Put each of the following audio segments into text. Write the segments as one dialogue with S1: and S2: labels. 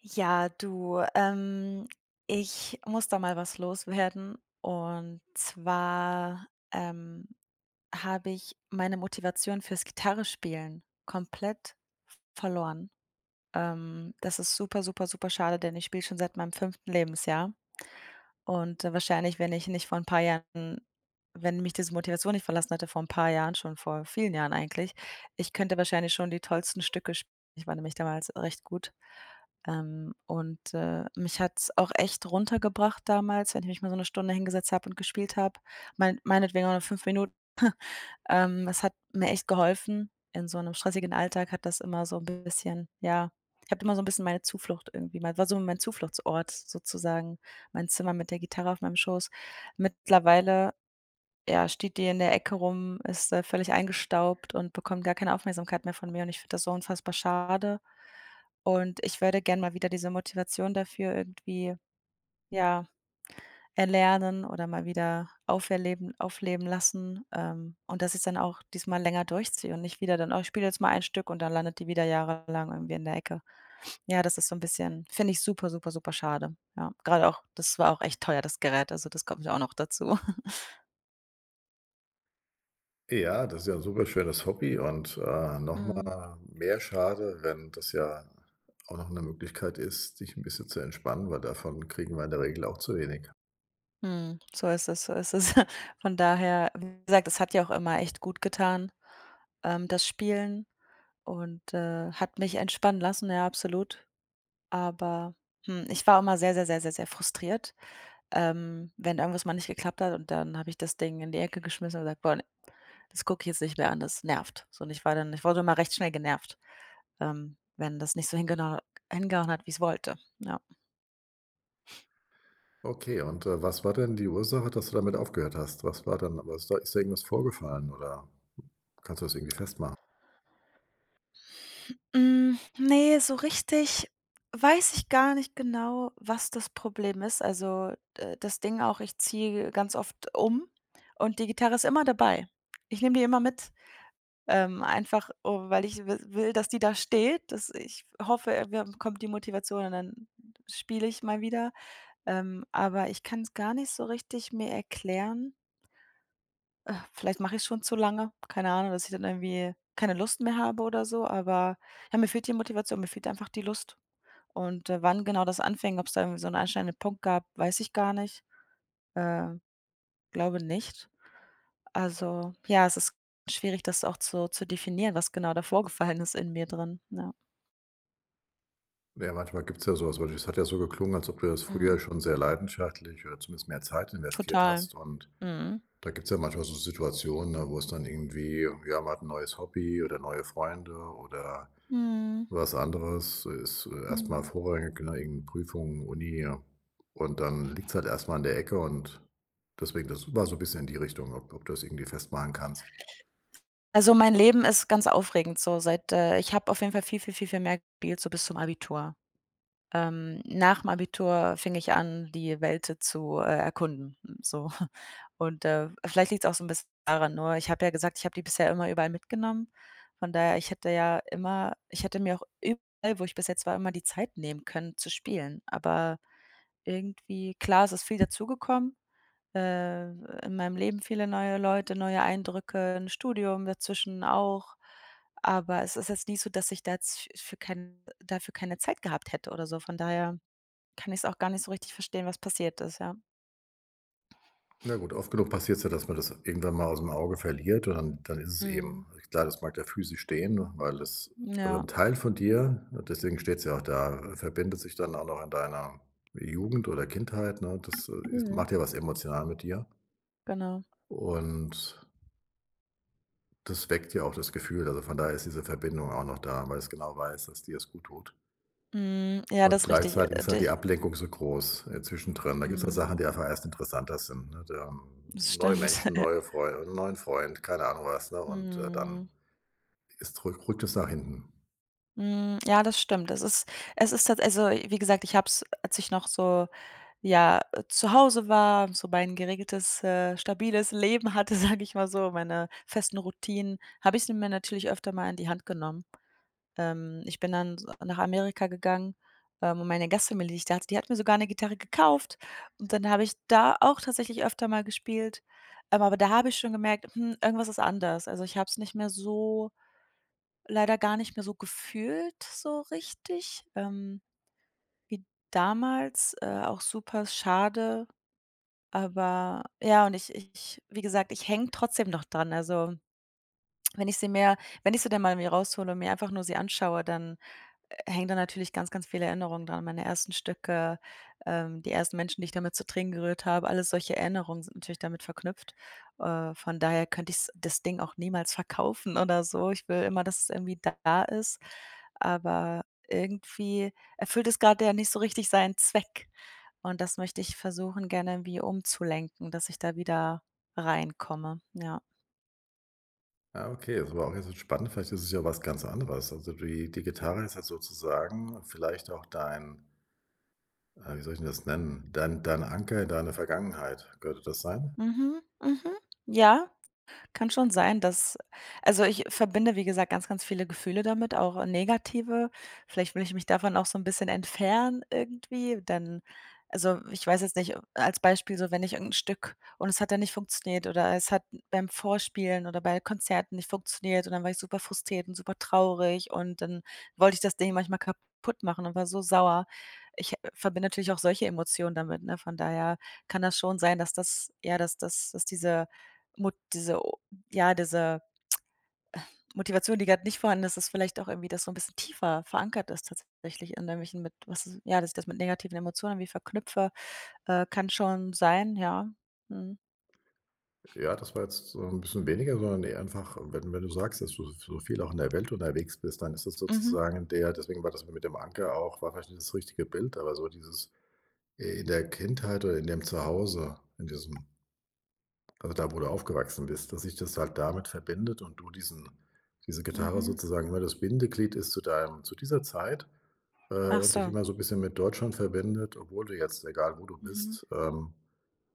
S1: Ja, du, ähm, ich muss da mal was loswerden, und zwar, ähm, habe ich meine Motivation fürs Gitarrenspielen komplett verloren. Ähm, das ist super, super, super schade, denn ich spiele schon seit meinem 5. Lebensjahr. Und, äh, wahrscheinlich, wenn ich nicht vor ein paar Jahren wenn mich diese Motivation nicht verlassen hätte, vor ein paar Jahren, schon vor vielen Jahren eigentlich. Ich könnte wahrscheinlich schon die tollsten Stücke sp Ich war nämlich damals recht gut. Ähm, und, äh, mich hat's auch echt runtergebracht damals, wenn ich mich mal so 'ne Stunde hingesetzt habe und gespielt habe, mein meinetwegen auch nur 5 Minuten. Ähm, es hat mir echt geholfen. In so 'nem stressigen Alltag hat das immer so 'n bisschen, ja ich habe da immer so 'n bisschen meine Zuflucht irgendwie war so mein Zufluchtsort sozusagen, mein Zimmer mit der Gitarre auf meinem Schoß. Mittlerweile, ja, steht die in der Ecke rum, ist, äh, völlig eingestaubt und bekommt gar keine Aufmerksamkeit mehr von mir, und ich finde das so unfassbar schade. Und ich würde gerne mal wieder diese Motivation dafür irgendwie, ja, erlernen oder mal wieder auf erleben aufleben lassen, ähm, und dass ich's dann auch diesmal länger durchziehe und nicht wieder dann: „Oh, ich spiele jetzt mal ein Stück“ und dann landet die wieder jahrelang irgendwie in der Ecke. Ja, das ist so 'n bisschen finde ich super, super, super schade, ja. Gerade auch das war auch echt teuer, das Gerät, also das kommt ja auch noch dazu.
S2: Ja, das ist ja 'n super schönes Hobby und, äh, noch
S1: Mhm.
S2: mal mehr schade, wenn das ja auch noch 'ne Möglichkeit ist, sich 'n bisschen zu entspannen, weil davon kriegen wir in der Regel auch zu wenig.
S1: Mhm, so ist es, so ist es von daher, wie gesagt, es hat ja auch immer echt gut getan, ähm, das Spielen und, äh, hat mich entspannen lassen, ja, absolut, aber, hm, ich war auch immer sehr, sehr, sehr, sehr, sehr frustriert, ähm, wenn irgendwas mal nicht geklappt hat und dann habe ich das Ding in die Ecke geschmissen und gesagt: „Boah ne, das gucke ich jetzt nicht mehr an, das nervt,“ so und ich war dann ich wurde immer recht schnell genervt, ähm, wenn das nicht so hingenau hingehauen hat, wie ich's wollte, ja.
S2: Okay und, äh, was war denn die Ursache, dass du damit aufgehört hast? Was war denn? Wa ist dir irgendwas vorgefallen, oder kannst du das irgendwie festmachen?
S1: Hm, ne, so richtig weiß ich gar nicht genau, was das Problem ist also, äh, das Ding auch, ich ziehe ganz oft um und die Gitarre ist immer dabei. Ich nehme die immer mit, ähm, einfach, o weil ich wis will, dass die da steht, dass ich hoffe, äh, irgendwann kommt die Motivation und dann spiele ich mal wieder, ähm, aber ich kann's gar nicht so richtig mir erklären äh, vielleicht mache ichs schon zu lange, keine Ahnung, dass ich dann irgendwie keine Lust mehr habe oder so, aber, ja, mir fehlt die Motivation, mir fehlt einfach die Lust und, äh, wann genau das anfing, ob es da irgendwie so 'n einschneidenden Punkt gab, weiß ich gar nicht, äh, glaube nicht. Also, ja, es ist schwierig, das auch zu zu definieren, was genau da vorgefallen ist in mir drin, ja.
S2: Ja, manchmal gibt's ja sowas, weil es hat ja so geklungen, als ob du das früher
S1: Mhm.
S2: schon sehr leidenschaftlich oder zumindest mehr Zeit investiert
S1: Total,
S2: hast und
S1: mhm.
S2: da gibt's ja manchmal so Situationen, ne, wo es dann irgendwie ja, man hat 'n neues Hobby oder neue Freunde, oder
S1: Mhm.
S2: was anderes, äh, ist, äh, erst mal
S1: Mhm.
S2: vorrangig, ne, irgend 'ne Prüfung, Uni. Und dann liegt's halt erst mal in der Ecke und deswegen, das war so 'n bisschen in die Richtung, ob ob du das irgendwie festmachen kannst.
S1: Also, mein Leben ist ganz aufregend, so seit, äh ich habe auf jeden Fall viel, viel, viel, viel mehr gespielt, so bis zum Abitur. Ähm, nach'm Abitur fing ich an, die Welt, äh, zu, äh, erkunden, so und, äh, vielleicht liegt's auch so 'n bisschen daran. Nur, ich habe ja gesagt, ich habe die bisher immer überall mitgenommen. Von daher, ich hätte ja immer ich hätte mir auch überall, wo ich bis jetzt war, immer die Zeit nehmen können, zu spielen. Aber irgendwie klar, es ist viel dazugekommen, äh, in meinem Leben viele neue Leute, neue Eindrücke, 'n Studium dazwischen auch. Aber es ist jetzt nicht so, dass ich da jetzt f für kein dafür keine Zeit gehabt hätte oder so. Von daher kann ich's auch gar nicht so richtig verstehen, was passiert ist, ja.
S2: Na gut, oft genug passiert es ja, dass man das irgendwann mal aus dem Auge verliert. Und dann dann ist es
S1: Mhm.
S2: eben klar, das mag da physisch stehen, weil das also 'n
S1: Ja.
S2: Teil von dir, deswegen steht's ja auch da, verbindet sich dann auch noch in deiner Jugend oder Kindheit, ne? Das, äh,
S1: Mhm.
S2: macht ja was emotional mit dir.
S1: Genau.
S2: Und das weckt ja auch das Gefühl. Also, von daher ist diese Verbindung auch noch da, weil es genau weiß, dass dir es gut tut.
S1: Mhm. Ja,
S2: Und
S1: das ist richtig,
S2: gleichzeitig
S1: äh,
S2: ist halt
S1: dich
S2: die Ablenkung so groß, äh, zwischendrin. Da gibt's halt Sachen,
S1: Mhm.
S2: die einfach erst interessanter sind, ne? Dann
S1: Das
S2: neue
S1: stimmt.
S2: Menschen, neue Freu 'n neuen Freund, keine Ahnung, was, ne? Und äh, dann
S1: Mhm.
S2: ist rück rückt es nach hinten.
S1: Hm, ja, das stimmt. Es ist es ist tatsäch also, wie gesagt, ich habe es, als ich noch so, ja, äh, zu Hause war, so mein geregeltes, äh, stabiles Leben hatte, sage ich mal so, meine festen Routinen, habe ich sie mir natürlich öfter mal in die Hand genommen. Ähm, ich bin dann s nach Amerika gegangen, ähm, wo meine Gastfamilie, die ich da hatte, die hat mir sogar 'ne Gitarre gekauft und dann habe ich da auch tatsächlich öfter mal gespielt, aber da habe ich schon gemerkt: „Hm, irgendwas ist anders.“ Also, ich habe es nicht mehr so leider gar nicht mehr so gefühlt, so richtig, ähm, wie damals, äh, auch super schade. Aber ja und ich ich wie gesagt, ich hänge trotzdem noch dran, also wenn ich sie mir wenn ich sie dann mal mir raushole und mir einfach nur sie anschaue, dann hängen da natürlich ganz, ganz viele Erinnerungen daran. Meine ersten Stücke, ähm, die ersten Menschen, die ich damit zu Tränen gerührt habe, alles solche Erinnerungen sind natürlich damit verknüpft. Äh, von daher könnte ich's das Ding auch niemals verkaufen oder so. Ich will immer, dass es irgendwie da ist, aber irgendwie erfüllt es gerade ja nicht so richtig seinen Zweck. Und das möchte ich versuchen, gerne irgendwie umzulenken, dass ich da wieder reinkomme, ja.
S2: Ah, okay, ist aber auch 'n bisschen spannend. Vielleicht ist es ja was ganz anderes. Also, die die Gitarre ist halt sozusagen vielleicht auch dein äh, wie soll ich 'n das nennen? Dein deine Anker in deine Vergangenheit. Könnte das sein?
S1: Mhm, mhm. Ja, kann schon sein, dass also, ich verbinde, wie gesagt, ganz, ganz viele Gefühle damit, auch negative. Vielleicht will ich mich davon auch so 'n bisschen entfernen, irgendwie. Dann also, ich weiß jetzt nicht als Beispiel so, wenn ich irgend 'n Stück und es hat dann nicht funktioniert, oder es hat beim Vorspielen oder bei Konzerten nicht funktioniert, und dann war ich super frustriert und super traurig und dann wollte ich das Ding manchmal kaputt machen und war so sauer. Ich, äh, verbinde natürlich auch solche Emotionen damit, ne? Von daher kann das schon sein, dass das ja, dass das das diese Mot diese o ja, diese Motivation, die gerade nicht vorhanden ist, ist vielleicht auch irgendwie das so 'n bisschen tiefer verankert ist tatsächlich, an irgendwelchen, mit was ja, dass ich das mit negativen Emotionen irgendwie verknüpfe, äh, kann schon sein, ja. Mhm.
S2: Ja, das war jetzt so 'n bisschen weniger. Sondern eher einfach, wenn, wenn du sagst, dass du so so viel auch in der Welt unterwegs bist, dann ist das
S1: Mhm.
S2: sozusagen der deswegen war das mit dem Anker auch war vielleicht nicht das richtige Bild. Aber so dieses, äh, in der Kindheit oder in dem Zuhause in diesem also da, wo du aufgewachsen bist, dass sich das halt damit verbindet und du diesen diese Gitarre
S1: Mhm.
S2: sozusagen immer das Bindeglied ist zu deinem zu dieser Zeit, äh,
S1: Ach
S2: und dich
S1: so.
S2: immer so 'n bisschen mit Deutschland verbindet, obwohl du jetzt egal, wo du
S1: Mhm.
S2: bist, ähm,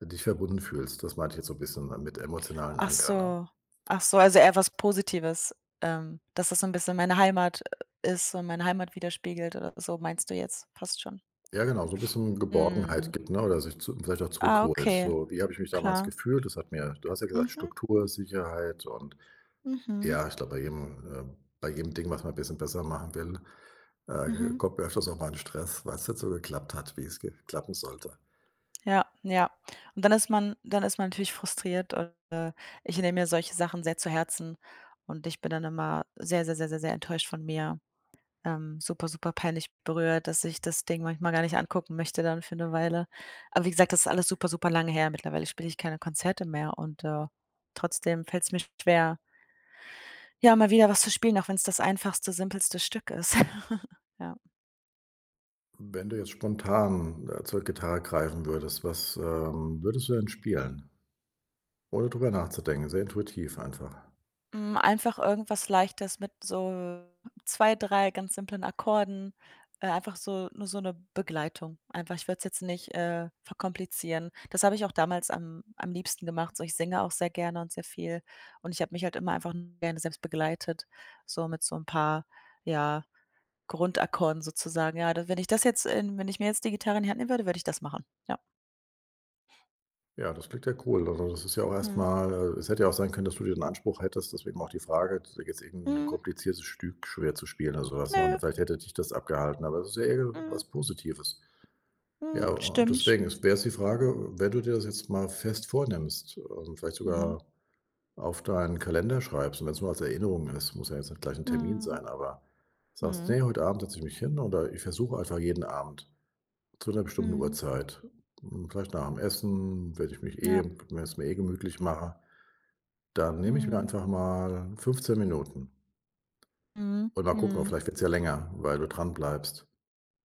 S2: dich verbunden fühlst. Das meinte ich jetzt so 'n bisschen mit „emotionalen
S1: Ach
S2: Anker“, ne?
S1: so. Ach so, also eher was Positives, ähm, dass das so 'n bisschen meine Heimat, äh, ist und meine Heimat widerspiegelt oder so, meinst du jetzt fast schon.
S2: Ja, genau so 'n bisschen
S1: Mhm.
S2: Geborgenheit gibt, ne, oder sich zu vielleicht auch
S1: Ah,
S2: zurückholt.
S1: okay.
S2: So: „Wie habe ich mich damals
S1: Klar.
S2: gefühlt? Das hat mir, du hast ja gesagt,
S1: Mhm.
S2: Struktur, Sicherheit“ und
S1: Mhm.
S2: ja, ich glaube, bei jedem, äh, bei jedem Ding, was man 'n bisschen besser machen will, äh, e
S1: Mhm.
S2: kommt man öfters auch mal in Stress, weil es nicht so geklappt hat, wie es ge klappen sollte.
S1: Ja, ja. Und dann ist man dann ist man natürlich frustriert und, äh, ich nehme mir solche Sachen sehr zu Herzen und ich bin dann immer sehr, sehr, sehr, sehr, sehr, enttäuscht von mir. Ähm, super, super peinlich berührt, dass ich das Ding manchmal gar nicht angucken möchte dann für 'ne Weile. Aber wie gesagt, das ist alles super, super lange her, mittlerweile spiele ich keine Konzerte mehr und, äh, trotzdem fällt es mir schwer ja, mal wieder was zu spielen, auch wenn es das einfachste, simpelste Stück ist. Ja.
S2: Wenn du jetzt spontan, äh, zur Gitarre greifen würdest, was, ähm, würdest du denn spielen? Ohne darüber nachzudenken, sehr intuitiv einfach.
S1: Hm, einfach irgendwas Leichtes mit so 2, 3 ganz simplen Akkorden, äh, einfach so nur so 'ne Begleitung. Einfach ich würde es jetzt nicht, äh, verkomplizieren. Das habe ich auch damals am am liebsten gemacht, so ich singe auch sehr gerne und sehr viel. Und ich habe mich halt immer einfach gerne selbst begleitet, so mit so 'n paar, ja, Grundakkorden sozusagen. Ja d wenn ich das jetzt in wenn ich mir jetzt die Gitarre in Hand nehmen würde, würde ich das machen, ja.
S2: Ja, das klingt ja cool. Also, das ist ja auch
S1: Mhm.
S2: erstmal, äh es hätte ja auch sein können, dass du dir den Anspruch hättest. Deswegen auch die Frage, jetzt irgend'n
S1: Mhm.
S2: kompliziertes Stück schwer zu spielen oder sowas, ne, und
S1: Nö.
S2: vielleicht hätte dich das abgehalten, aber das ist ja eher
S1: Mhm.
S2: was Positives.
S1: Mhm,
S2: Ja,
S1: stimmt.
S2: deswegen es wäre jetzt die Frage, wenn du dir das jetzt mal fest vornimmst und vielleicht
S1: Mhm.
S2: sogar auf deinen Kalender schreibst. Und wenn's nur als Erinnerung ist, muss ja jetzt nicht gleich 'n Termin
S1: Mhm.
S2: sein, aber sagst:
S1: Mhm.
S2: „Ne, heute Abend setze ich mich hin, oder ich versuche einfach jeden Abend zu 'ner bestimmten
S1: Mhm.
S2: Uhrzeit, hm, vielleicht nach'm Essen, wenn ich mich
S1: Ja.
S2: eh wenn ich es mir eh gemütlich mache. Dann nehme ich mir
S1: Mhm.
S2: einfach mal 15 Minuten.“
S1: Mhm,
S2: Und mal gucken,
S1: mhm.
S2: vielleicht wird's ja länger, weil du dran bleibst.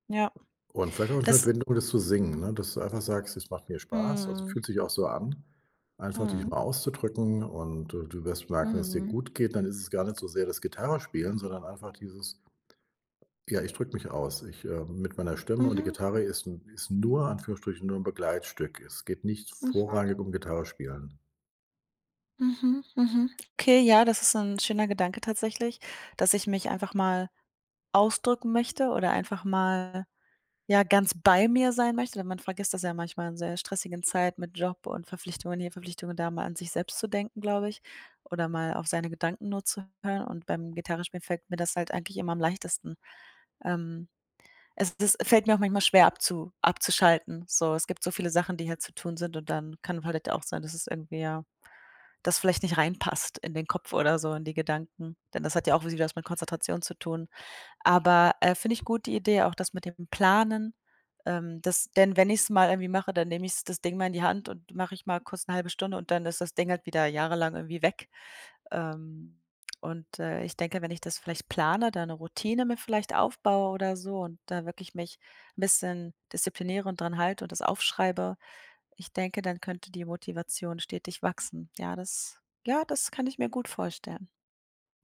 S1: Ja.
S2: Und vielleicht auch
S1: Das
S2: [unintelligible] oder zu singen. Ne, dass du einfach sagst: „Es macht mir Spaß.“ Also
S1: Mhm.
S2: fühlt sich auch so an, einfach dich
S1: Mhm.
S2: mal auszudrücken. Und du du wirst merken, dass dir
S1: Mhm.
S2: gut geht. Dann ist es gar nicht so sehr das Gitarrespielen, sondern einfach dieses ja, ich drücke mich aus. Ich, ähm, mit meiner Stimme und die
S1: Mhm.
S2: Gitarre ist 'n ist nur in Anführungsstrichen nur 'n Begleitstück. Es geht nicht
S1: Mhm.
S2: vorrangig um Gitarre spielen.
S1: Mhm, mhm. Okay, ja, das ist 'n schöner Gedanke tatsächlich, dass ich mich einfach mal ausdrücken möchte oder einfach mal, ja, ganz bei mir sein möchte, denn man vergisst das ja manchmal in sehr stressigen Zeit mit Job und Verpflichtungen hier Verpflichtungen da mal an sich selbst zu denken, glaube ich, oder mal auf seine Gedanken nur zu hören und beim Gitarre spielen fällt mir das halt eigentlich immer am leichtesten. Ähm, es es fällt mir auch manchmal schwer abzu abzuschalten. So, es gibt so viele Sachen, die hier zu tun sind und dann kann halt auch sein, dass es irgendwie ja, das vielleicht nicht reinpasst in den Kopf oder so in die Gedanken, denn das hat ja auch wieder was mit Konzentration zu tun. Aber, äh, finde ich gut, die Idee, auch das mit dem Planen, ähm, das denn wenn ich's mal irgendwie mache, dann nehme ich's das Ding mal in die Hand und mache ich mal kurz 1/2 Stunde und dann ist das Ding halt wieder jahrelang irgendwie weg. Ähm, und, äh, ich denke, wenn ich das vielleicht plane, da 'ne Routine mir vielleicht aufbaue oder so und da wirklich mich 'n bisschen diszipliniere und daran halte und das aufschreibe. Ich denke, dann könnte die Motivation stetig wachsen. Ja, das ja, das kann ich mir gut vorstellen.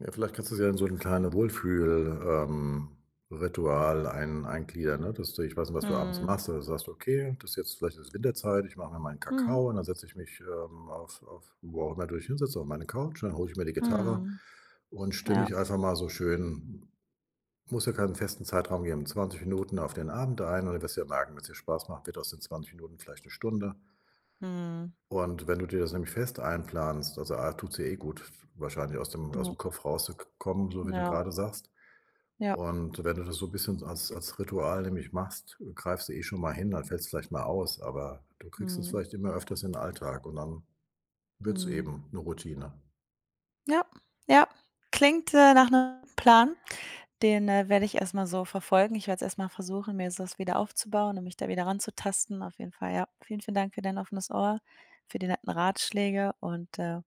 S2: Ja, vielleicht kannst du es ja in so 'ne kleine Wohlfühl ähm, Ritual ein eingliedern, ne? Dass du ich weiß nicht, was du abends
S1: Mhm.
S2: machst, aber sagst: „Okay, das ist jetzt vielleicht ist es Winterzeit, ich mache mir meinen
S1: Mhm.
S2: Kakao und dann setze ich mich, ähm, auf auf wo auch immer du dich hinsetzt, auf meine Couch. Und dann hole ich mir die Gitarre
S1: Mhm.
S2: und stimme
S1: Ja.
S2: ich einfach mal so schön muss ja keinen festen Zeitraum geben, 20 Minuten auf den Abend ein.“ Ohne dass der [unintelligible] 'n bisschen Spaß macht, wird aus den 20 Minuten vielleicht 'ne Stunde.
S1: Mhm.
S2: Und wenn du dir das nämlich fest einplanst, also, A tut's dir eh gut, w wahrscheinlich aus dem
S1: Ja.
S2: ausm Kopf rauszukommen, so wie du
S1: Ja.
S2: grade sagst.
S1: Ja.
S2: Und wenn du das so 'n bisschen als als Ritual nämlich machst, greifst du eh schon mal hin. Dann fällt's vielleicht mal aus, aber du kriegst es
S1: Mhm.
S2: vielleicht immer öfters in den Alltag. Und dann wird es
S1: Mhm.
S2: eben 'ne Routine.
S1: Ja, ja. Klingt, äh, nach 'nem Plan. Den, äh, werde ich erstmal so verfolgen. Ich werde es erstmal versuchen, mir das wieder aufzubauen und mich da wieder ranzutasten, auf jeden Fall, ja. Vielen, vielen Dank für dein offenes Ohr, für die netten Ratschläge und, äh,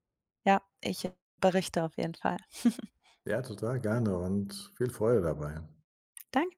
S1: ja. Ich berichte auf jeden Fall.
S2: Ja, total gerne und viel Freude dabei.
S1: Danke.